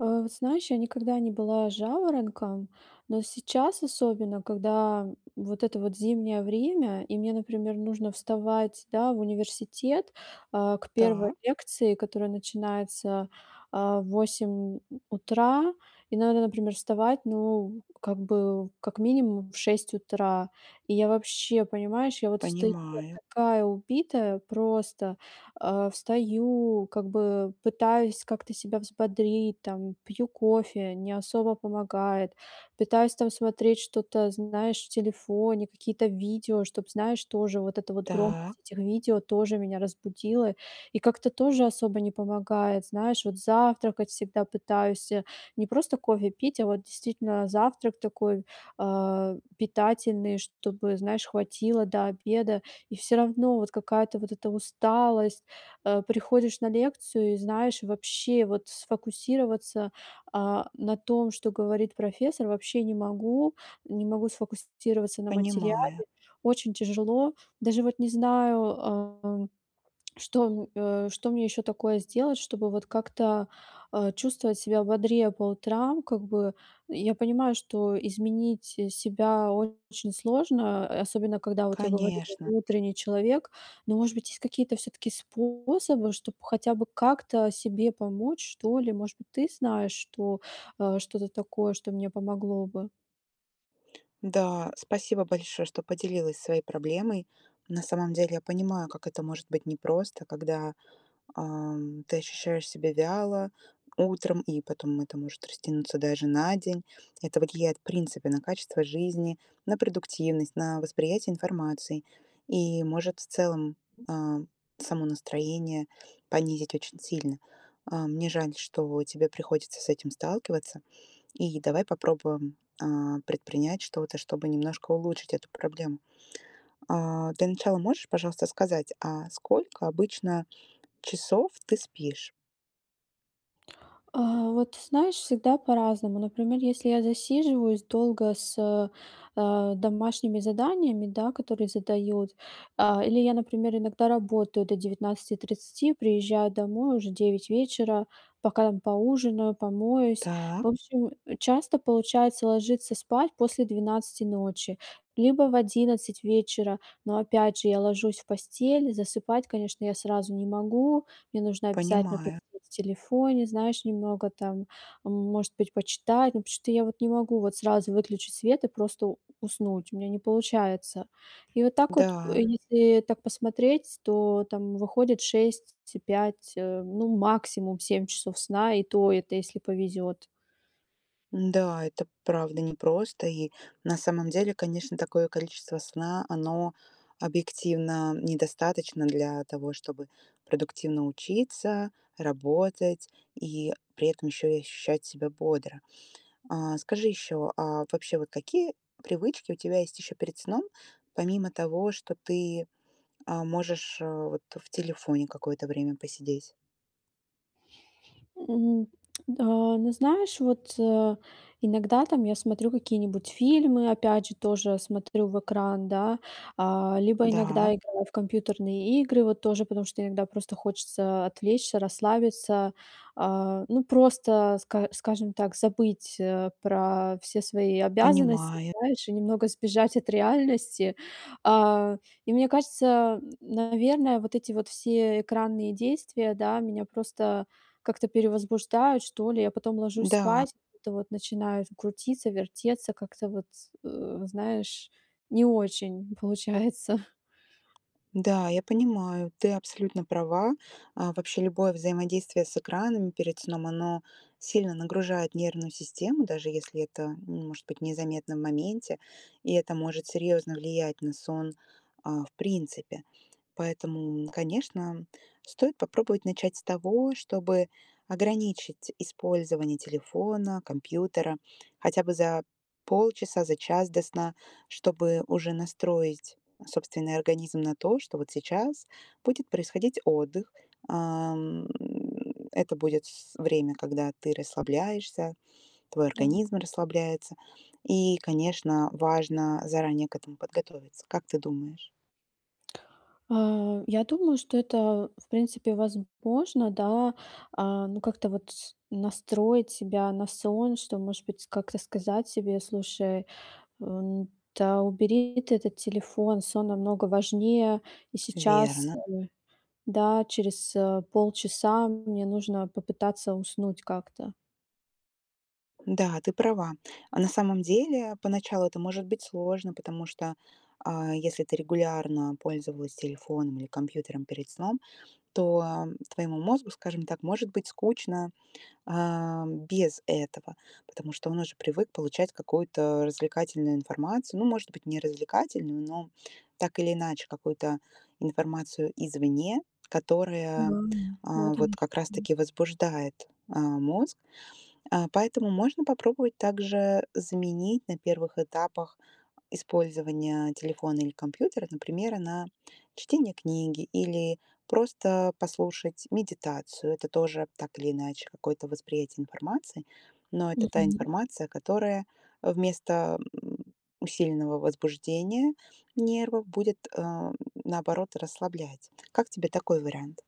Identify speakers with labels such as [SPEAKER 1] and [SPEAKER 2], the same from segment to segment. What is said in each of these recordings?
[SPEAKER 1] Э, знаешь, я никогда не была жаворонком, но сейчас, особенно, когда, вот это вот зимнее время и мне, например, нужно вставать, да, в университет, а, к 1
[SPEAKER 2] Та
[SPEAKER 1] лекции, которая начинается, а, в 8 у утра, и надо, например, вставать, ну, как бы, как минимум, в 6 утра. И я вообще, понимаешь, я вот встаю, я
[SPEAKER 2] Понимаю.
[SPEAKER 1] такая убитая просто. А, встаю, как бы, э, пытаюсь как-то себя взбодрить, там, пью кофе- не особо помогает, пытаюсь там смотреть что-то, знаешь, в телефоне, какие-то видео, чтоб, знаешь, тоже, вот эта вот,
[SPEAKER 2] Та
[SPEAKER 1] громкость этих видео, тоже, меня разбудила, и как-то, тоже, особо не помогает. Знаешь, вот завтракать всегда пытаюсь, э, не просто кофе пить, а вот, действительно, завтрак такой, а, питательный, чтобы, знаешь, хватило до обеда, и всё равно, вот, какая-то, вот эта усталость. Э, приходишь на лекцию и, знаешь, вообще, вот, сфокусироваться, а, на том, что говорит профессор, вообще не могу. Не могу сфокусироваться на
[SPEAKER 2] Понимаю.
[SPEAKER 1] материале. Очень тяжело. Даже, вот, не знаю, ам, что м, э, что мне ещё такое сделать, чтобы, вот, как-то, э, чувствовать себя бодрее по утрам, как бы. Я понимаю, что изменить, э, себя очень сложно, э, особенно когда, вот я говорю, я
[SPEAKER 2] Конечно.
[SPEAKER 1] не утренний человек. Но, может быть, есть, какие-то, всё-таки, способы, чтоб, хотя бы как-то себе помочь, что ли? Может быть, ты знаешь что, э, что-то такое, что мне помогло бы?
[SPEAKER 2] Н-да, спасибо большое, что поделилась своей проблемой. На самом деле я понимаю, как это может быть непросто, когда, ам, ты ощущаешь себя вяло утром, и потом это может растянуться даже на день. Это вот влияет, в принципе, на качество жизни, на продуктивность, на восприятие информации. И может в целом, а, само настроение понизить очень сильно. А, мне жаль, что тебе приходится с этим сталкиваться, и давай попробуем, а, предпринять что-то, чтобы немножко улучшить эту проблему. А, для начала можешь, пожалуйста, сказать, а сколько обычно часов ты спишь?
[SPEAKER 1] А, вот знаешь, всегда по-разному. Например, если я засиживаюсь долго с, э, э, домашними заданиями, да, которые задают, а, или я, например, иногда работаю до 19:30, приезжаю домой, уже 9 вечера, пока поужинаю, помоюсь.
[SPEAKER 2] Так.
[SPEAKER 1] В общем, э, часто получается ложиться спать после 12 ночи либо в 11 вечера, но, опять же, я ложусь в постель- засыпать, конечно, я сразу не могу. Мне нужно обязательно
[SPEAKER 2] Понимаю.
[SPEAKER 1] посидеть в телефоне, знаешь, немного там, м может быть, почитать. Ну потому что я вот не могу вот сразу выключить свет и просто у уснуть, у меня не получается. И вот так вот, п
[SPEAKER 2] Да.
[SPEAKER 1] если так посмотреть, с то там выходит 6, т и 5, э, ну, максимум 7 часов сна и то, это если повезет.
[SPEAKER 2] М-да, это правда непросто. И, на самом деле, конечно, такое количество сна, оно объективно недостаточно для того, чтобы продуктивно учиться, работать и, при этом, ещё и ощущать себя бодро. А, скажи ещё, а вообще, вот какие привычки у тебя есть ещё перед сном, помимо того, что ты, а, можешь, э, вот, э, в телефоне какое-то время посидеть?
[SPEAKER 1] М. Да, но знаешь, вот, э, иногда, там, я смотрю какие-нибудь фильмы, опять же, тоже смотрю в экран, да. А, либо
[SPEAKER 2] Да.
[SPEAKER 1] иногда играю в компьютерные игры, вот тоже, потому что иногда просто хочется отвлечься, расслабиться. А, ну просто ска скажем так, забыть, э, про все свои обязанности,
[SPEAKER 2] Понимаю.
[SPEAKER 1] знаешь, и немного сбежать от реальности. А, и мне кажется, н наверное, вот эти вот все экранные действия, да, меня просто, как-то, перевозбуждают что ли. Я потом ложусь
[SPEAKER 2] Да.
[SPEAKER 1] спать, и, вот это вот, начинается крутиться, вертеться, как-то вот, э, знаешь, не очень получается.
[SPEAKER 2] Да, я понимаю, ты абсолютно права. А, вообще, любое взаимодействие с экранами перед сном, оно сильно нагружает нервную систему, даже если это, ну может быть незаметно в моменте. И это может серьезно влиять на сон, а, в принципе. Поэтому, конечно, стоит попробовать начать с того, чтобы ограничить использование телефона, компьютера, хотя бы за полчаса, за час до сна. Чтобы уже настроить собственный организм на то, что, вот, сейчас будет происходить отдых. А, м, это будет с время, когда ты расслабляешься, твой
[SPEAKER 1] Да.
[SPEAKER 2] организм расслабляется. И, конечно, важно заранее к этому подготовиться. Как ты думаешь?
[SPEAKER 1] А, я думаю, что это, в принципе, возможно, да. А, ну как-то, вот, с настроить себя на сон. Что может быть, как-то, сказать себе: "Слушай, э, н-да, убери ты этот телефон, сон намного важнее и сейчас,
[SPEAKER 2] Верно.
[SPEAKER 1] э. Да, через, э, полчаса мне нужно попытаться уснуть как-то".
[SPEAKER 2] Да, ты права. А на самом деле поначалу это может быть сложно, потому что, а, если ты регулярно пользовалась телефоном или компьютером перед сном, то, м, твоему мозгу, скажем так, может быть скучно, эм, без этого, потому что он уже привык получать какую-то развлекательную информацию. Ну, может быть, не развлекательную, но так или иначе какую-то информацию извне,
[SPEAKER 1] Да,
[SPEAKER 2] которая,
[SPEAKER 1] ну
[SPEAKER 2] э,
[SPEAKER 1] вот
[SPEAKER 2] вот
[SPEAKER 1] оно
[SPEAKER 2] как раз
[SPEAKER 1] что.
[SPEAKER 2] таки возбуждает, э, мозг. Э, поэтому можно попробовать также заменить на первых этапах использование телефона или компьютера, например, на чтение книги или просто послушать медитацию. Это тоже, так или иначе, какое-то восприятие информации, но это та
[SPEAKER 1] Мгм.
[SPEAKER 2] информация, которая вместо, м, усиленного возбуждения нервов будет, э, м, наоборот, расслаблять. Как тебе такой вариант?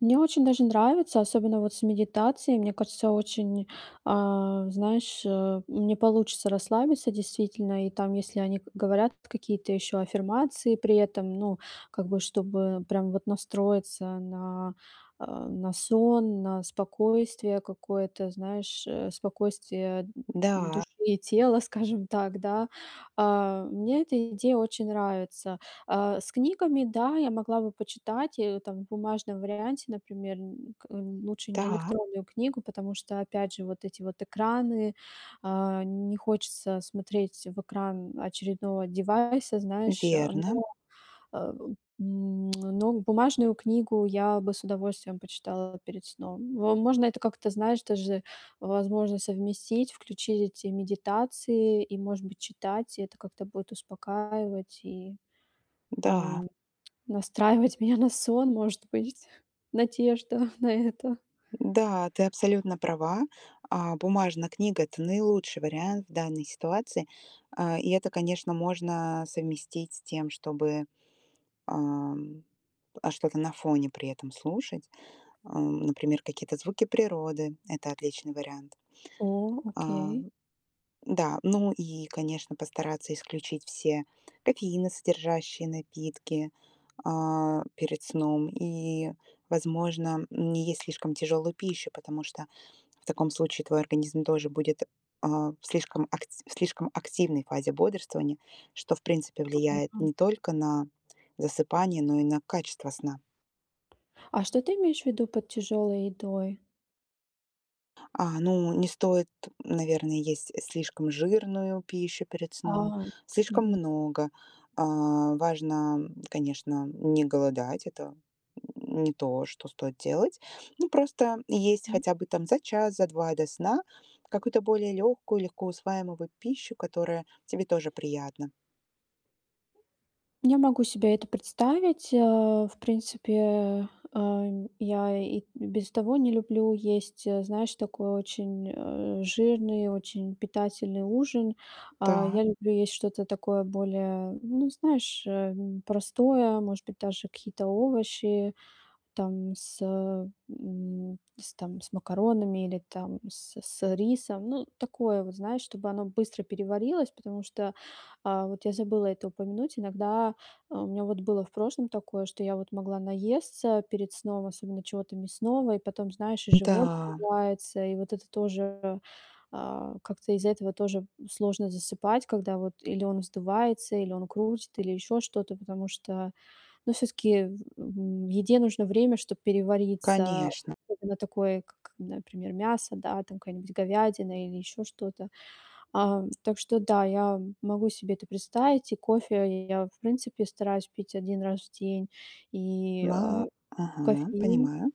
[SPEAKER 1] Мне очень даже нравится, особенно вот с медитацией. Мне кажется, очень, а, знаешь, э, не получится расслабиться, действительно. И там, если они к говорят какие-то ещё аффирмации при этом, ну, как бы чтобы прям вот настроиться на, э, на сон, на спокойствие какое-то, знаешь, э, спокойствие д
[SPEAKER 2] Да.
[SPEAKER 1] души и тела, скажем так, да. Э, мне эта идея очень нравится. Э, с книгами, да, я могла бы почитать, э, там в бумажном варианте, например, н к лучше не
[SPEAKER 2] Та.
[SPEAKER 1] электронную книгу, потому что, опять же, вот эти вот экраны, э, не хочется смотреть в экран очередного девайса, знаешь. Но,
[SPEAKER 2] Верно.
[SPEAKER 1] э, м, но бумажную книгу я бы с удовольствием почитала перед сном. Во можно это как-то, знаешь, тоже, возможно, совместить, включить эти медитации и, может быть, читать. И это как-то будет успокаивать и,
[SPEAKER 2] Да.
[SPEAKER 1] эм, настраивать меня на сон, может быть, надежда на это.
[SPEAKER 2] Да, ты абсолютно права. А, бумажная книга- это наилучший вариант в данной ситуации. Э, и это, конечно, можно совместить с тем, чтобы, эм, э, что-то на фоне при этом слушать. Эм, например, какие-то звуки природы. Это отличный вариант.
[SPEAKER 1] О, окей.
[SPEAKER 2] Эм, да. Ну и, конечно, постараться исключить все кофеиносодержащие напитки, э, перед сном и, возможно, м, не есть слишком тяжелую пищу, потому что в таком случае твой организм тоже будет, э, в слишком акт в слишком активной фазе бодрствования, что в принципе влияет
[SPEAKER 1] [unintelligible]
[SPEAKER 2] не только на засыпание, но и на качество сна.
[SPEAKER 1] А что ты имеешь в виду под тяжёлой едой?
[SPEAKER 2] А, ну не стоит, наверное, есть слишком жирную пищу перед сном,
[SPEAKER 1] А,
[SPEAKER 2] слишком
[SPEAKER 1] мгм.
[SPEAKER 2] много. Э, важно, м, конечно, не голодать. Это не то, что стоит делать. Ну просто есть
[SPEAKER 1] М.
[SPEAKER 2] хотя бы там за час, за 2 до сна какую-то более легкую, легкоусваиваемую вот пищу, которая тебе тоже приятна.
[SPEAKER 1] Я могу себе это представить. Э, в принципе, э, я и и без того не люблю есть, э, знаешь, такой очень, э, жирный, очень питательный ужин. А, я
[SPEAKER 2] Так.
[SPEAKER 1] люблю есть что-то такое более, ну, знаешь, эм, простое, может быть, даже какие-то овощи там с, э, м, с там с макаронами или там с с рисом. Ну, такое вот, знаешь, чтобы оно быстро переварилось, потому что, э, вот я забыла это упомянуть. Иногда, э, у меня вот было в прошлом такое, что я вот могла наесться перед сном, особенно чего-то мясного, и потом, знаешь, и живот
[SPEAKER 2] Да.
[SPEAKER 1] вздувается, и вот это тоже, э, как-то из-за этого тоже сложно засыпать, когда вот или он вздувается, или он крутит, или ещё что-то. Потому что, ну всё-таки, в в м еде нужно время, чтоб перевариться,
[SPEAKER 2] Конечно.
[SPEAKER 1] особенно такой, к к например, мясо, да, там какая-нибудь говядина или ещё что-то. Ам, так что да, я м могу себе это представить, и кофе я в принципе стараюсь пить 1 раз в день и, э,
[SPEAKER 2] Ма Ага,
[SPEAKER 1] кофеин
[SPEAKER 2] понимаю.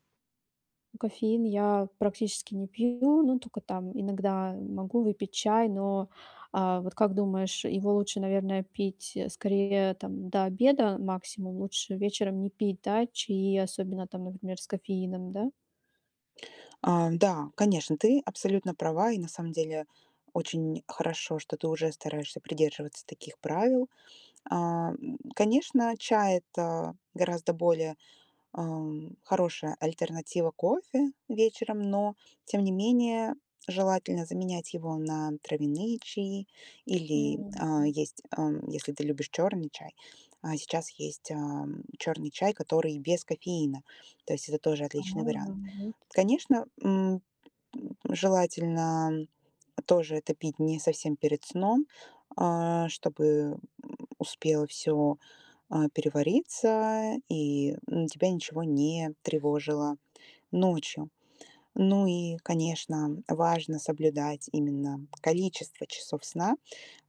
[SPEAKER 1] Ну кофеин я практически не пью, но только там иногда могу выпить чай, но, э, вот как думаешь, его лучше, наверное, пить, э, скорее там до обеда максимум, лучше вечером не пить, да чаи, особенно там, например, с кофеином, да?
[SPEAKER 2] А, да, конечно, ты абсолютно права, и на самом деле очень хорошо, что ты уже стараешься придерживаться таких правил. Эм, конечно, чай- это гораздо более, эм, хорошая альтернатива кофе вечером, но, тем не менее, желательно заменять его на травяные чаи или,
[SPEAKER 1] Ну
[SPEAKER 2] э,
[SPEAKER 1] да.
[SPEAKER 2] есть, эм, если ты любишь черный чай, э, сейчас есть, эм, черный чай, который без кофеина, то есть это тоже отличный
[SPEAKER 1] По-моему,
[SPEAKER 2] вариант.
[SPEAKER 1] нет.
[SPEAKER 2] Конечно, м, желательно тоже это пить не совсем перед сном, э, чтобы, м, успело всё, э, перевариться и, м, тебя ничего не тревожило ночью. Ну и, конечно, важно соблюдать именно количество часов сна.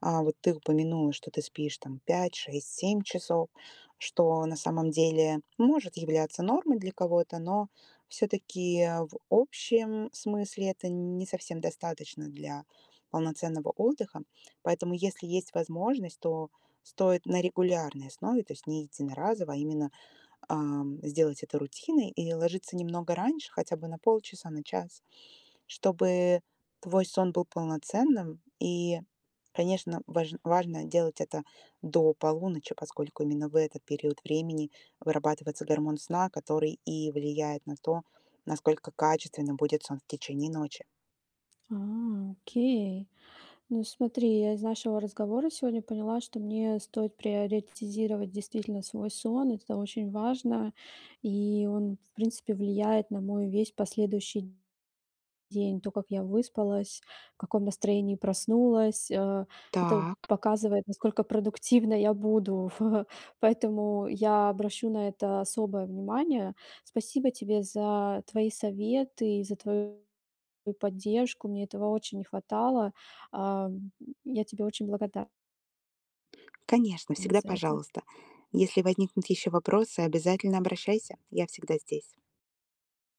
[SPEAKER 2] Э, вот ты упомянула, что ты спишь там 5-6-7 часов, что на самом деле может являться нормой для кого-то, но всё-таки в общем смысле это не совсем достаточно для полноценного отдыха. Поэтому если есть возможность, то стоит на регулярной основе, то есть не единоразово, а именно, эм, сделать это рутиной и ложиться немного раньше, хотя бы на полчаса, на час, чтобы твой сон был полноценным. И, конечно, важ важно делать это до полуночи, поскольку именно в этот период времени вырабатывается гормон сна, который и влияет на то, насколько качественным будет сон в течение ночи.
[SPEAKER 1] А, окей. Ну, смотри, я из нашего разговора сегодня поняла, что мне стоит приоритизировать действительно свой сон. Это очень важно. И он, в принципе, влияет на мой весь последующий день. То, как я выспалась, в каком настроении проснулась, э, это
[SPEAKER 2] Так.
[SPEAKER 1] показывает, насколько продуктивной я буду, поэтому я обращу на это особое внимание. Спасибо тебе за твои советы и за твою поддержку. Мне этого очень не хватало. Ам, я тебе очень благодар
[SPEAKER 2] Конечно,
[SPEAKER 1] на
[SPEAKER 2] всегда
[SPEAKER 1] за это.
[SPEAKER 2] пожалуйста. Если возникнут еще вопросы, обязательно обращайся, я всегда здесь.